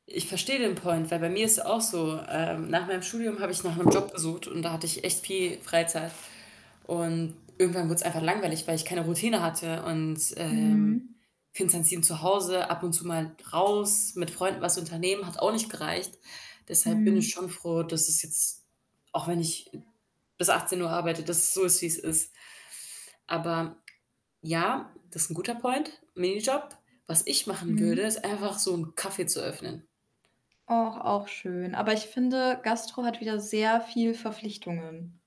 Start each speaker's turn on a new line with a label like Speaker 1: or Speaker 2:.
Speaker 1: Ich verstehe den Point, weil bei mir ist es auch so. Ähm, nach meinem Studium habe ich nach 'nem Job gesucht und da hatte ich echt viel Freizeit und irgendwann wurde es einfach langweilig, weil ich keine Routine hatte und, ähm,
Speaker 2: Mhm.
Speaker 1: 24/7 zu Hause, ab und zu mal raus, mit Freunden was unternehmen, hat auch nicht gereicht. Deshalb bin ich
Speaker 2: Mhm.
Speaker 1: schon froh, dass es jetzt, auch wenn ich bis 18 arbeite, dass es so ist, wie's ist. Aber ja, das ist 'n guter Point, Minijob. Was ich machen würde,
Speaker 2: Mhm.
Speaker 1: ist einfach so 'n Café zu öffnen.
Speaker 2: Oh, auch schön. Aber ich finde, Gastro hat wieder sehr viel Verpflichtungen.